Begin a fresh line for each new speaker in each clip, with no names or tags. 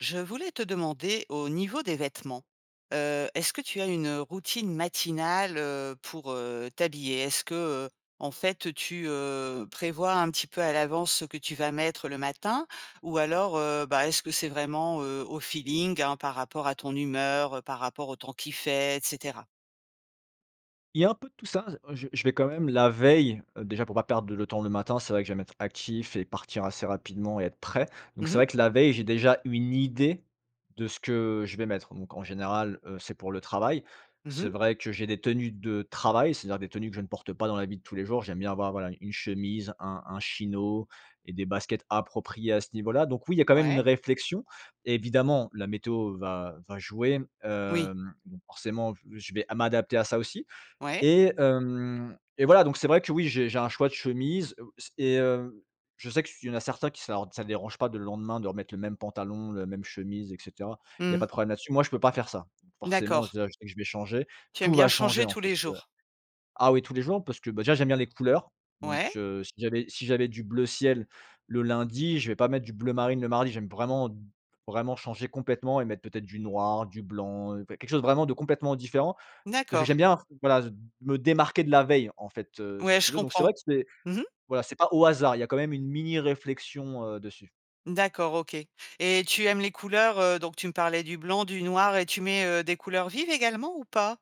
Je voulais te demander au niveau des vêtements, heu: est-ce que tu as une, heu, routine matinale, heu, pour, heu, t'habiller? Est-ce que, heu, en fait tu, heu, prévois un petit peu à l'avance ce que tu vas mettre le matin ou alors, heu, bah, est-ce que c'est vraiment, heu, au feeling, hein, par rapport à ton humeur, heu, par rapport au temps qu'il fait, et cetera?
Il y a un peu de tout ça, heu, je je vais quand même la veille, heu déjà pour pas perdre le temps le matin, c'est vrai que j'aime être actif et partir assez rapidement et être prêt. Donc
Mmh
c'est
mh.
vrai que la veille, j'ai déjà une idée de ce que je vais mettre. Donc en général, heu, c'est pour le travail.
Mmh
C'est
mh.
vrai que j'ai des tenues de travail, c'est-à-dire des tenues que je ne porte pas dans la vie tous les jours. J'aime bien avoir, voilà, une chemise, un un chino et des baskets appropriées à ce niveau-là. Donc oui, il y a quand même une
Ouais.
réflexion. Évidemment, la météo va va jouer.
Oui.
Hem, donc, forcément, j je vais a m'adapter à ça aussi.
Ouais.
Et hem et voilà, donc c'est vrai que oui, j'ai j'ai un choix de chemises. Heu s et, heu, je sais que s il y en a certains qui sar que ça dérange pas de le lendemain de remettre le même pantalon, la même chemise, et cetera, il y a
Mmh.
pas de problème là-dessus. Moi, je peux pas faire ça. Donc forcément,
D'accord.
déjà, je sais que je vais changer.
Tu aimes
Tout
bien
va changer,
changer
en
tous
fait,
les
heu
jours.
Ah oui, tous les jours, parce que, bah déjà, j'aime bien les couleurs. Donc,
Ouais.
heu, si j'avais si j'avais du bleu ciel le lundi, je vais pas mettre du bleu marine le mardi. J'aime vraiment d vraiment changer complètement et mettre peut-être du noir, du blanc, enfin, quelque chose vraiment de complètement différent. Je j'aime
D'accord.
bien, voilà, z me démarquer de la veille, en fait, heu, si
Ouais,
tu
je
veux. Donc c'est vrai
comprends.
que c'est,
Mmh mh.
voilà c'est pas au hasard, il y a quand même une mini réflexion, heu, dessus.
D'accord, OK. Et tu aimes les couleurs, heu donc tu me parlais du blanc, du noir et tu mets, heu, des couleurs vives, également, ou pas?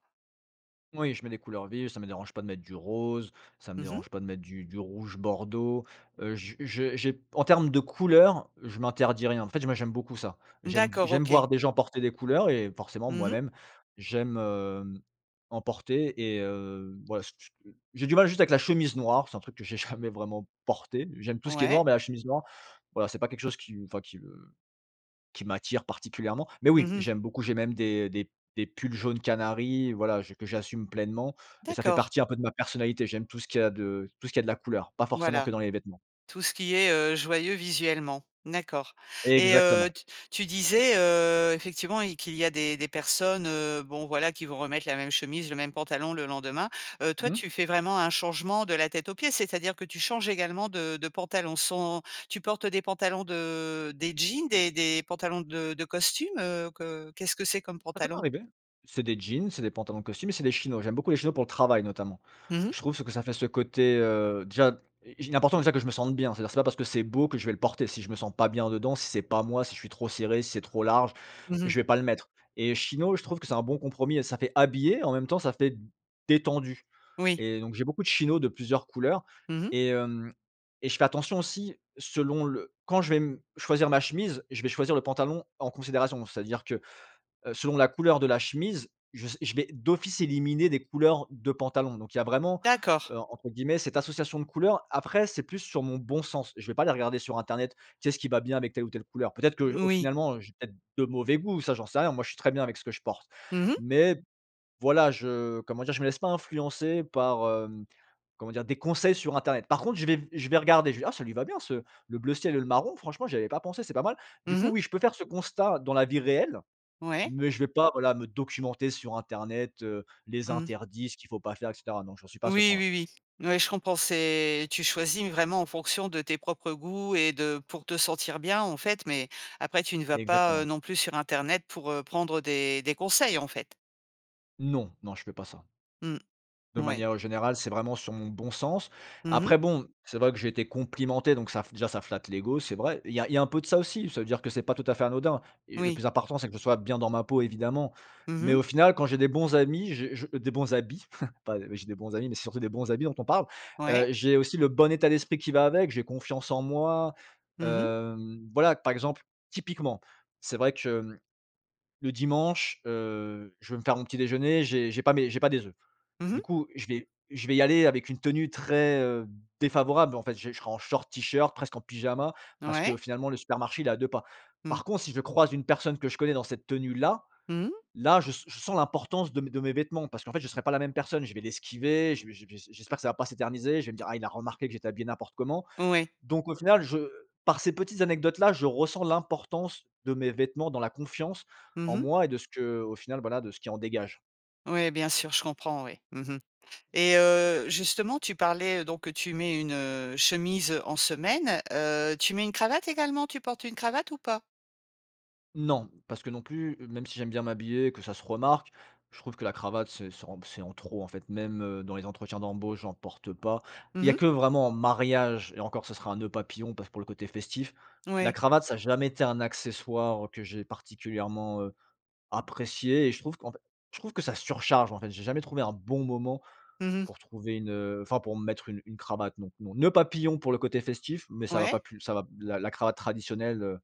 Oui, je mets des couleurs vives, ça me dérange pas de mettre du rose, ça me
Mmh mh.
dérange pas de mettre du du rouge bordeaux. Heu, j je j'ai en termes de couleur, je m'interdis rien. En fait j moi, j'aime beaucoup ça. J'aime
D'accord,
j'aime
OK.
voir des gens porter des couleurs et forcément
Mmh mh.
moi-même j'aime, hem, en porter, et heu, ouais, s s heu j'ai du mal juste avec la chemise noire, c'est un truc que j'ai jamais vraiment porté. J'aime tout ce qui est
Ouais.
noir mais la chemise noire, voilà, c'est pas quelque chose qui m enfin, qui me qui m'attire particulièrement. Mais
Mmh
oui,
mh.
j'aime beaucoup, j'ai même des des des pulls jaune canari, voilà, je que j'assume pleinement. Et ça fait
D'accord.
partie un peu de ma personnalité. J'aime tout ce qui a de tout ce qui a de la couleur. Pas forcément
Voilà.
que dans les vêtements.
Tout ce qui est, heu, joyeux visuellement. D'accord. Et heu,
Exactement.
t tu disais, heu, effectivement il qu'il y a des des personnes, heu, bon voilà, qui vont remettre la même chemise, le même pantalon le lendemain. Heu, toi,
Mmh.
tu fais vraiment un changement de la tête aux pieds, c'est-à-dire que tu changes également de de pantalon sans tu portes des pantalons de des jeans, des des pantalons de de costumes, heu, que qu'est-ce que c'est comme
Ça peut
pantalon?
m'arriver. C'est des jeans, c'est des pantalons de costume, et c'est des chinos. J'aime beaucoup les chinos pour le travail, notamment.
Mmh mh.
Je trouve ce que ça fait ce côté, heu déjà, il est important, déjà, que je me sente bien, c'est-à-dire c'est pas parce que c'est beau que je vais le porter. Si je me sens pas bien dedans, si c'est pas moi, si je suis trop serré, si c'est trop large,
Mmh mh.
je vais pas le mettre. Et chino, je trouve que c'est un bon compromis et ça fait habillé, en même temps, ça fait détendu.
Oui.
Et donc j'ai beaucoup de chinos de plusieurs couleurs
Mmh mh.
et, hem et je fais attention aussi, selon le quand je vais, mmh, choisir ma chemise, je vais choisir le pantalon en considération. C'est-à-dire que, heu, selon la couleur de la chemise, je s je vais d'office éliminer des couleurs de pantalon. Donc il y a vraiment,
D'accord.
heu, entre guillemets, cette «association de couleurs». Après c'est plus sur mon bon sens. Je vais aller regarder sur Internet, qu'est-ce qui va bien avec telle ou telle couleur? Peut-être que j
Mmh
au
oui.
finalement, heu, j'ai peut-être de mauvais goûts, ça j'en sais rien. Moi je suis très bien avec ce que je porte.
Mmh mh.
Mais, voilà je comment dire? Je me laisse pas influencer, par, hem comment dire? Des conseils sur internet. Par contre, je vais je vais regarder, je vais «Ah ça lui va bien ce le bleu ciel et le marron, franchement, j'y avais pas pensé, c'est pas mal». Du
Mmh
coup,
mh.
oui, je peux faire ce constat, dans la vie réelle,
Ouais.
mais je vais pas, voilà, me documenter sur internet, heu, les
Mmh.
interdits, ce qu'il faut pas faire et cetera. Non, j'en suis pas à ce
Oui,
point-là.
oui, oui. Ouais, je comprends, c'est tu choisis vraiment en fonction de tes propres goûts et de pour te sentir bien, en fait, mais après tu ne vas pas, heu,
Exactement.
non plus sur internet pour, heu, prendre des des conseils, en fait.
Non. Non, je fais pas ça.
Mmh.
De
Ouais.
manière, heu, générale, c'est vraiment sur mon bon sens.
Mmh mh.
Après, bon, c'est vrai que j'ai été complimenté, donc ça f déjà ça flatte l'égo, c'est vrai. Il y a il y a un peu de ça aussi. Ça veut dire que c'est pas tout à fait anodin. Et le
Oui.
plus important, c'est que je sois bien dans ma peau, évidemment.
Mmh
Mais
mh.
au final, quand j'ai des bons amis, j'ai je, heu des bons habits, pas, heu j'ai des bons amis mais c'est surtout des bons habits dont on parle.
Ouais.
Heu, j'ai aussi le bon état d'esprit qui va avec. J'ai confiance en moi,
Mmh mh.
hem, voilà, par exemple: typiquement, c'est vrai que, mmh, le dimanche, heu, je vais me faire mon petit déjeuner, j'ai j'ai pas mes j'ai pas des œufs.
Mmh
Du
mh.
coup, je vais je vais y aller avec une tenue très, heu, défavorable, en fait, j'ai je serai en short, T-shirt, presqu'en pyjama. Parce
Ouais.
que finalement le supermarché il est à 2 pas.
Mmh.
Par contre, si je croise une personne que je connais dans cette tenue-là,
Mmh mh.
là je s je sens l'importance de mes de mes vêtements, parce qu'en fait je serai pas la même personne. Je vais l'esquiver, je vais je vais s j'espère que ça va pas s'éterniser, je vais me dire: «Ah, il a remarqué que j'étais habillé n'importe comment».
Ouais.
Donc au final, je par ces petites anecdotes-là, je ressens l'importance de mes vêtements dans la confiance
Mmh
en
mh.
moi et de ce qu'au final, voilà, de ce qui en dégage.
Ouais, bien sûr, je comprends, ouais. Mmh mh. Et heu, justement, tu parlais, donc, que tu mets une, heu, chemise en semaine. Heu, tu mets une cravate également, tu portes une cravate ou pas?
Non. Parce que non plus, heu même si j'aime bien m'habiller, que ça se remarque, je trouve que la cravate, c'est ça rend p c'est en trop, en fait, même, heu, dans les entretiens d'embauche, j'en porte pas. Il
Mmh
y a
mh.
que vraiment en mariage, et encore ce serait un nœud papillon, par ce pour le côté festif. La
Ouais.
cravate ça a jamais été un accessoire que j'ai particulièrement, heu, apprécié et je trouve, qu'en f je trouve que ça surcharge, en fait, j'ai jamais trouvé un bon moment,
Mmh mh.
pour trouver une, heu enfin pour me mettre une une cravate, non, non. Noeud papillon, pour le côté festif, mais ça va
Ouais.
pas plus ça va la la cravate traditionnelle, heu,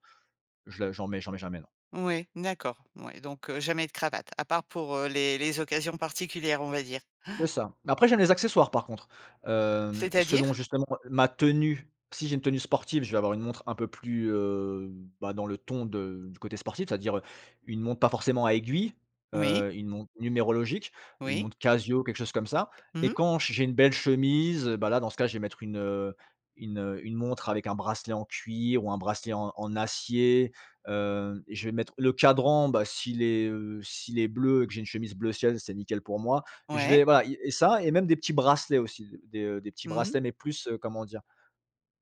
je la j'en mets j'en mets jamais, non.
Ouais, d'accord. Ouais donc, heu, jamais de cravate, à part pour, heu, les les occasions particulières, on va dire.
C'est ça. Mais après, j'aime les accessoires, par contre. Hem, selon,
C'est-à-dire?
justement, ma tenue. Si j'ai une tenue sportive, je vais avoir une montre un peu plus, heu, bah, dans le ton de du côté sportif, ça veut dire, heu, une montre pas forcément à aiguilles,
Oui.
heu, une montre numérologique, une
Oui.
montre Casio, quelque chose comme ça.
Mmh
Et
mh.
quand j j'ai une belle chemise, et bah, là dans ce cas-là je vais mettre une, heu une, heu une montre avec un bracelet en cuir, ou un bracelet en en acier. Hem, je vais mettre, le cadran, bah s'il est, heu s'il est bleu et que j'ai une chemise bleu ciel, c'est nickel pour moi. Je
Ouais.
vais, voilà, i et ça et même des petits bracelets, aussi. Des, heu des petits
Mmh mh.
bracelets, mais plus, heu, comment dire?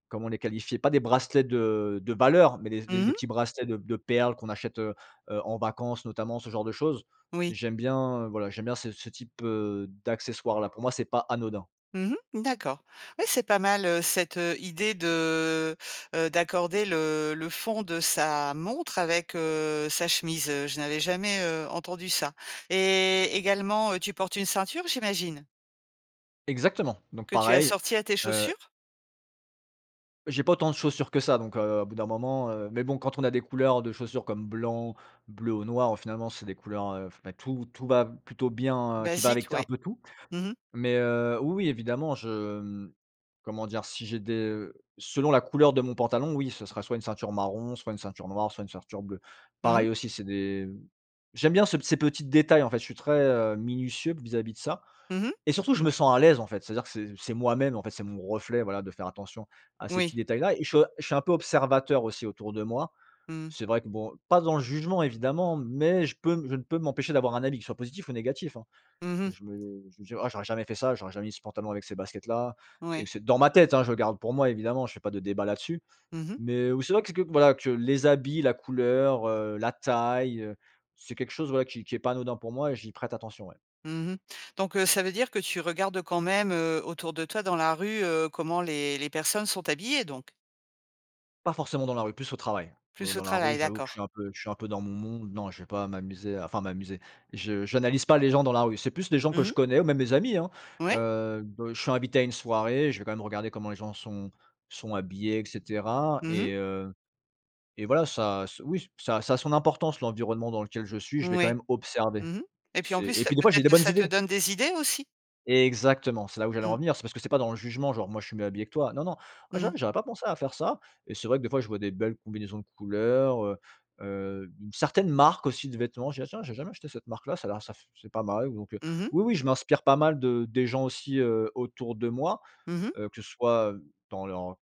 Comment les qualifier? Pas des bracelets de de valeur, mais des s des
Mmh
des
mh.
petits bracelets de p de perles qu'on achète, heu heu, en vacances, notamment, ce genre de choses.
Oui.
J'aime bien, heu, voilà j'aime bien ce ce type, heu, d'accessoires-là. Pour moi c'est pas anodin.
Mmh mh. D'accord. Oui, c'est pas mal, heu, cette, heu, idée de, heu d'accorder le le fond de sa montre avec, heu, sa chemise. Heu, je n'avais jamais, heu, entendu ça. Et également, heu, tu portes une ceinture, j'imagine?
Exactement. Donc
Que tu
pareil,
assortis à tes
heu
chaussures?
j'ai pas autant de chaussures que ça, donc, heu, au bout d'un moment, heu mais bon, quand on a des couleurs de chaussures, comme blanc, bleu ou noir, au finalement, c'est des couleurs f beh, tout tout va b plutôt bien, heu qui va
Basique,
avec un
ouais.
peu tout.
Mmh mh.
Mais, heu, oui, oui évidemment, je, mmh, comment dire? Si j'ai des, heu selon la couleur de mon pantalon, oui. Ce sera soit une ceinture marron, soit une ceinture noire, soit une ceinture bleue.
Mmh mh.
Pareil aussi c'est des, mmh j'aime bien ce p ces petits détails en fait, je suis très, heu, minutieux, vis-à-vis de ça.
Mmh mh.
Et surtout je me sens à l'aise, en fait, c'est-à-dire que c'est c'est moi-même, en fait, c'est mon reflet, voilà, de faire attention à ces petits
Oui.
détails-là. Et je suis o je suis un peu observateur aussi autour de moi.
Mmh.
C'est vrai que bon, pas dans le jugement, évidemment, mais je peux je ne peux m'empêcher d'avoir un avis, qu'il soit positif ou négatif, hein.
Mmh mh.
Je me je vais me dire: «Oh, j'aurais jamais fait ça, j'aurais jamais mis ce pantalon avec ces baskets-là», et
Ouais.
cet dans ma tête, hein, je garde pour moi, évidemment, je fais pas de débats là-dessus.
Mmh mh.
Mais, oui, c'est vrai que c'est que, voilà que les habits, la couleur, heu, la taille, heu, c'est quelque chose, voilà, qui qui est pas anodin pour moi et j'y prête attention, ouais.
Mmh mh. Donc, heu, ça veut dire que tu regardes quand même, heu, autour de toi dans la rue, heu, comment les les personnes sont habillées, donc?
Pas forcément dans la rue, plus au travail. Heu,
Plus au
dans la rue,
travail,
j'avoue que je
d'accord.
suis un peu je suis un peu dans mon monde. Non je vais pas m'amuser à enfin «m'amuser» je j'analyse pas les gens dans la rue. C'est plus des gens que
Mmh
je
mh.
connais, ou même mes amis, hein,
Ouais.
heu, b je suis invité à une soirée, je vais quand même regarder comment les gens sont sont habillés, et cetera.
Mmh mh.
Et heu, et voilà, ça ce oui, ça ça a son importance, l'environnement dans lequel je suis, je vais quand
Oui.
même observer.
Mmh mh, et puis en
C'est
plus,
et
ça
puis des
peut
fois j'ai
être
des
que
bonnes
ça te
idées.
donne des idées, aussi?
Exactement, c'est là où j'allais en
Mmh.
venir, c'est parce que c'est pas dans le jugement genre: «Moi je suis mieux habillé que toi». Non, non. Heu,
Mmh.
j'avoue, j'aurais pas pensé à faire ça. Et c'est vrai que des fois je vois des belles combinaisons de couleurs, heu, heu, certaines marques aussi de vêtements, je dis: «Ah tiens j'ai jamais acheté cette marque-là, ça a l'air ça f c'est pas mal». Donc, heu,
Mmh mh.
oui, oui je m'inspire pas mal de des gens aussi, heu, autour de moi.
Mmh mh.
Heu, que ce soit, hem, dans leurs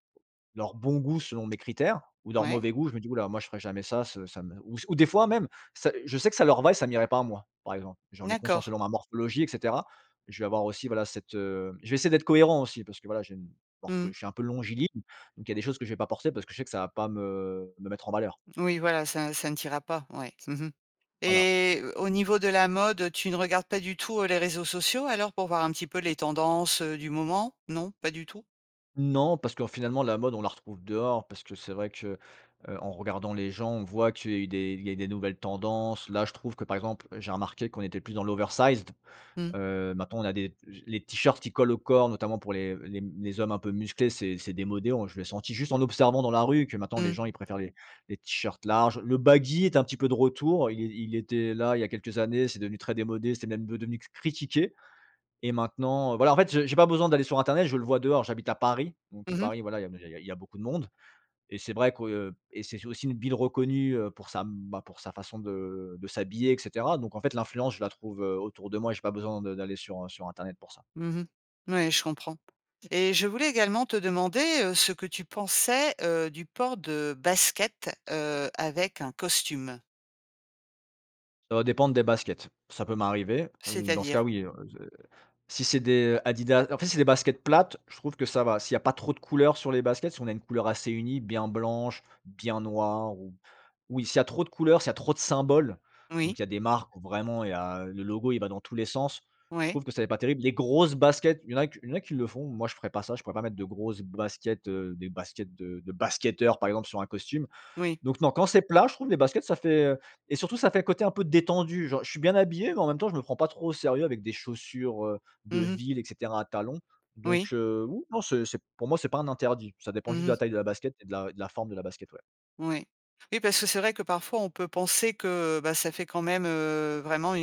leur bon goût selon mes critères, ou leur
Ouais.
mauvai goût, je me dis: «houlà, moi je ferai jamais ça ce ça me» ou, s ou des fois même, ça je sais que ça leur va et ça m'irait pas à moi, par exemple. J'en ai conscience,
D'accord.
selon ma morphologie et cetera. Je vais avoir aussi voilà, cette, heu je vais essayer d'être cohérent aussi, parce que voilà, j'ai une, morpho
Mmh.
je suis un peu longiligne, donc il y a des choses que je vais pas porter parce que je sais que ça va pas me me mettre en valeur.
Oui, voilà, ça ça ne t'ira pas. Ouais, mmh mh.
Voilà.
Et au au niveau de la mode, tu ne regardes pas du tout, heu, les réseaux sociaux, alors, pour voir un petit peu les tendances, heu, du moment? Non, pas du tout?
Non, parce qu'en finalement la mode on la retrouve dehors, parce que c'est vrai que, heu en regardant les gens, on voit qu'il est il est des nouvelles tendances, là je trouve que par exemple, j'ai remarque qu'on était plus dans l' oversized.
Mmh.
Heu, maintenant, on a des j les T-shirts qui collent au corps notamment pour les les, mmh les hommes un peu musclés c'est c'est démodé, on je l'ai senti juste en observant dans la rue que maintenant les
Mmh.
gens ils préfèrent les les T-shirts larges. Le baggy est un petit peu de retour il é il était là il y a quelques années c'est devenu très démodé c'était même ve devenu critiqué. Et maintenant, heu, voilà en fait je j'ai pas besoin d'aller sur internet je le vois dehors. J'habite à Paris, donc
Mmh mh.
Paris voilà il y a n il y a il y a il y a beaucoup de monde et c'est vrai que et c'est c'est aussi une ville reconnue, heu, pour sa, bah pour sa façon de de s'habiller et cetera. Donc en fait l'influence je la trouve, heu, autour de moi et j'ai pas besoin de d'aller sur, heu, sur Internet pour ça.
Mmh mh. Ouais, je comprends. Et je voulais également te demander, heu, ce que tu pensais, heu, du port de baskets, heu, avec un costume?
Ça va dépendre des baskets. Ça peut m'arriver. Heu, dans ce cas,
C'est-à-dire?
oui et, heu, z heu. Si c'est des, heu, Adidas, en fait si c'est des baskets plates, je trouve que ça va. S'il y a pas trop de couleurs sur les baskets, si on a une couleur assez unie, bien blanche, bien noire, ou ou il s'il y a trop de couleurs, s'il y a trop de symboles.
Oui.
Donc, il y a des marques où vraiment, il y a le logo, il va dans tous les sens. Je
Ouais.
trouve que ça fait pas terrible. Les grosses baskets il y en a q il y en a qui le font moi je ferai pas ça je pourrais pas mettre de grosses baskets, heu, des baskets de de basketteurs par exemple sur un costume.
Oui.
Donc non, quand c'est plat je trouve les baskets ça fait, heu et surtout ça fait côté un peu détendu, genre, je suis bien habillé mais en même temps je me prends pas trop au sérieux avec des chaussures, heu, de
Mmh mh.
ville et cetera à talons. Donc,
Oui.
heu, oui, non, c'est c'est pour moi c'est pas un interdit, ça dépend juste
Mmh
de la
mh.
taille de la basket et de la et de la forme de la basket, ouais.
Ouais. Oui parce que c'est vrai que parfois on peut penser que, heu, bah ça fait quand même, heu, vraiment une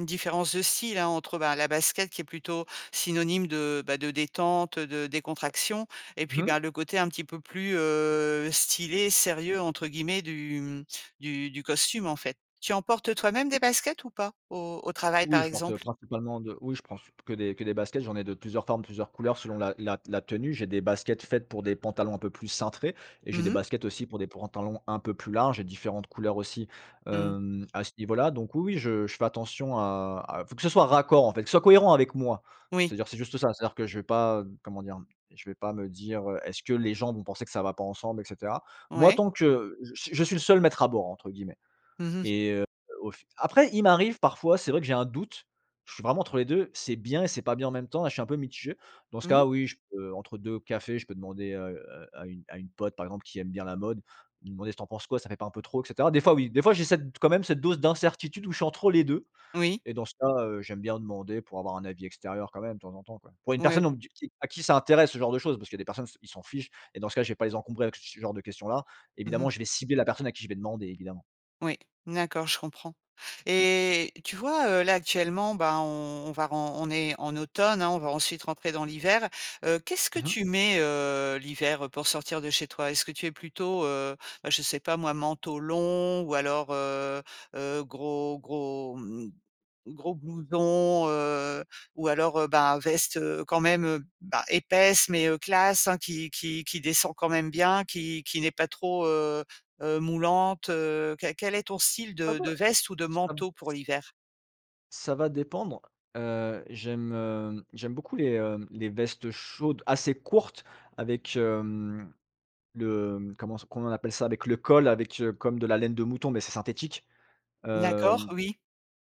une différence de style, hein, entre, bah, la basket qui est plutôt synonyme de, bah, de détente, heu, de décontraction, et
Mmh
puis
mh.
ben le côté un petit peu plus, heu, stylé, «sérieux» entre guillemets du, mmh, du du costume, en fait. Tu en portes toi-même des baskets, ou pas, au au travail,
Oui
par
je porte, heu,
exemple?
principalement de oui je prends c p que des que des baskets j'en ai de plusieurs formes plusieurs couleurs selon la la t la tenue. J'ai des baskets faites pour des pantalons un peu plus cintrés et j'ai
Mmh
des
mh.
baskets aussi pour des pantalons un peu plus larges et différentes couleurs aussi,
Mmh.
hem, à ce niveau-là, donc oui, oui, je je fais attention à à faut que ce soit raccord en fait, que ce soit cohérent avec moi.
Oui.
C'est-à-dire c'est juste ça. C'est-à-dire que je vais pas, heu, comment dire? Je vais pas me dire: «Heu, est-ce que les gens vont penser que ça va pas ensemble et cetera?» Moi
Ouais.
tant que je s «Je suis le seul maître à bord» entre guillemets.
Mmh mh.
Et heu, au f après il m'arrive parfois, c'est vrai que j'ai un doute je suis vraiment entre les 2 c'est bien et c'est pas bien en même temps et je suis un peu mitigé, dans ce cas
Mmh.
oui, je peux entre 2 cafés je peux demander à, heu à à une à une pote par exemple qui aime bien la mode, lui demander si: «Tu en penses quoi ça fait pas un peu trop et cetera?» Des fois oui des fois j'ai cette d quand même cette dose d'incertitude où je suis entre les 2.
Oui.
Et dans ce cas, heu, j'aime bien demander pour avoir un avis extérieur quand même, de temps en temps, quoi. Pour une
Ouais. O
personne on me d qui à qui ça intéresse ce genre de choses, parce qu'il y a des personnes s ils s'en fichent. Et dans ce cas, je vais pas les encombrer avec ce genre de questions-là.
Mmh mh.
Évidemment, je vais cibler la personne à qui je vais demander, évidemment.
Oui. D'accord, je comprends. Et, tu vois, heu, là actuellement, ben, on on va ren on est en automne, hein, on va ensuite rentrer dans l'hiver. Heu, qu'est-ce que
Mmh mh.
tu mets, heu, l'hiver pour sortir de chez toi? Est-ce que tu es plutôt, heu, heu, je sais pas moi, manteau long ou alors heu, heu, gros gros, mmh, gros blouson, heu, ou alors, heu, bah, veste, heu, quand même, heu, bah épaisse mais, heu, classe, hein, qui qui qui descend quand même bien qui qui n'est pas trop, heu heu, moulante? Heu, q quel est ton style
Ah,
de de
bah,
veste ou de
ça me,
manteau pour
c
l'hiver?
ça va dépendre. Heu, j'aime, heu j'aime beaucoup les, hem, les vestes chaudes assez courtes avec, hem, le, mmh, comment s comment on appelle ça? Avec le col avec, heu comme de la laine de mouton. Mais c'est synthétique.
D'accord,
Hem,
oui.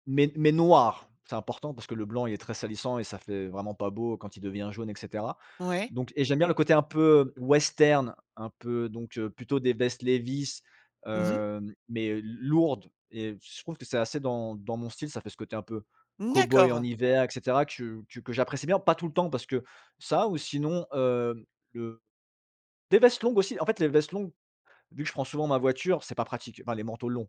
mais mais noir, c'est important, parce que le blanc il est très salissant et ça fait vraiment pas beau quand il devient jaune et cetera.
Ouais.
Donc et j'aime bien le côté un peu western, un peu donc, heu, plutôt des vestes Levi's,
Mmh mh.
heu, mais l lourdes. Et je trouve que c'est assez dans dans mon style ça fait ce côté un peu
Mmh,
cow-boy en
d'accord.
hiver et cetera, que que que j'apprécie bien. Pas tout le temps parce que ça ou sinon, heu, le des vestes longues aussi, en fait, les vestes longues vu que je prends souvent ma voiture c'est pas pratique, enfin, les manteaux longs.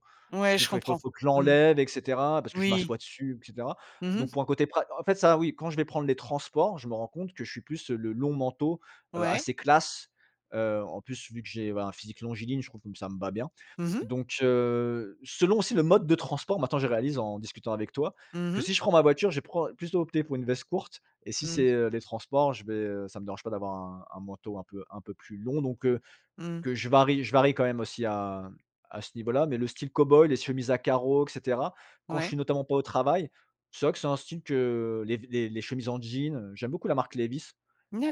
T
Ouais,
je
je
fais il faut
comprends.
il faut que
Mmh.
l'enlève et cetera parce que je
Oui.
m'assois dessus et cetera.
Mmh mh.
Donc pour un côté pra en fait ça oui quand je vais prendre les transports je me rends compte que je suis plus, heu, le long manteau, heu,
Ouais.
assez classe, heu, en plus vu que j'ai, voilà, un physique longiligne je trouve que ça me va bien.
Mmh mh.
Donc, heu, selon aussi le mode de transport, maintenant je réalise en discutant avec toi,
Mmh
que
mh.
si je prends ma voiture je prends plutôt opter pour une veste courte et si
Mmh.
c'est, heu, les transports je vais, heu, ça me dérange pas d'avoir un un manteau un peu un peu plus long. Donc, heu,
Mmh.
que je varie je varie quand même aussi à à ce niveau-là mais le style cow-boy les chemises à carreaux et cetera, quand je
Ouais.
suis notamment pas au travail, c'est vrai que c'est un style que les v les les chemises en jean, heu j'aime beaucoup la marque Levi's.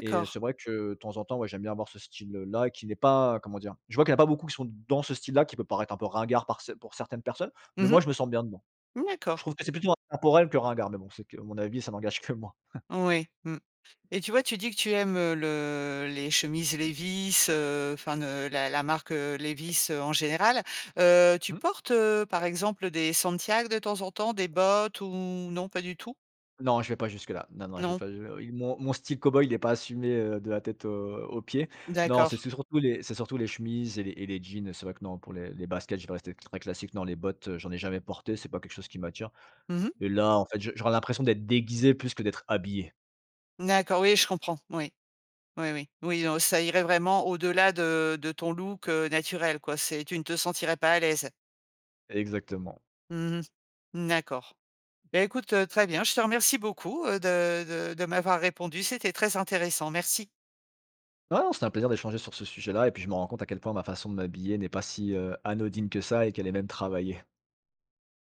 Et heu, c'est vrai que de temps en temps, ouais, j'aime bien avoir ce style là qui n'est pas, comment dire? Je vois qu'il y a pas beaucoup qui sont dans ce style-là, qui peut paraître un peu ringard par ce pour certaines personnes, mais
Mmh
moi, je me sens bien dedans.
mh.
Je
D'accord.
trouve que c'est plutôt intempore que ringard, mais bon, c'est que mon avis, ça n'engage que moi.
Ouais, mmh. Et tu vois, tu dis que tu aimes, heu, le les chemises Levi's, heu, enfin, ne heu, la la marque, heu, Levi's, heu, en général. Heu, tu
Mmh.
portes, heu, par exemple, heu, des santiags, de temps en temps? Des bottes, ou non pas du tout?
Non je vais pas jusque là, non, non je vais,
Non?
enfin, heu il mon mon style cow-boy il est pas assumé, heu, de la tête aux aux pieds. Non
D'accord.
c'est c'est surtout les c'est surtout les chemises et les et les jeans. Heu, c'est vrai que non, pour les les baskets, je dois rester très classique. Non les bottes, heu, j'en n'ai jamais porté. C'est pas quelque chose qui m'attire.
Mmh mh.
Et là, en fait, je j'aurai l'impression d'être déguisé plus que d'être habillé.
D'accord, oui je comprends. Oui. Oui, oui, oui. Non, ça irait vraiment au-delà de de ton look, heu, naturel, quoi, c'est tu ne te sentirais pas à l'aise.
Exactement.
Mmh mh. Mmh, d'accord. Bah écoute, heu, très bien, je te remercie beaucoup, heu, de de de m'avoir répondu, c'était très intéressant, merci.
Ah, non, c'était un plaisir d'échanger sur ce sujet-là et puis je me rends compte à quel point ma façon de m'habiller n'est pas si, heu, anodine que ça et qu'elle est même travaillée.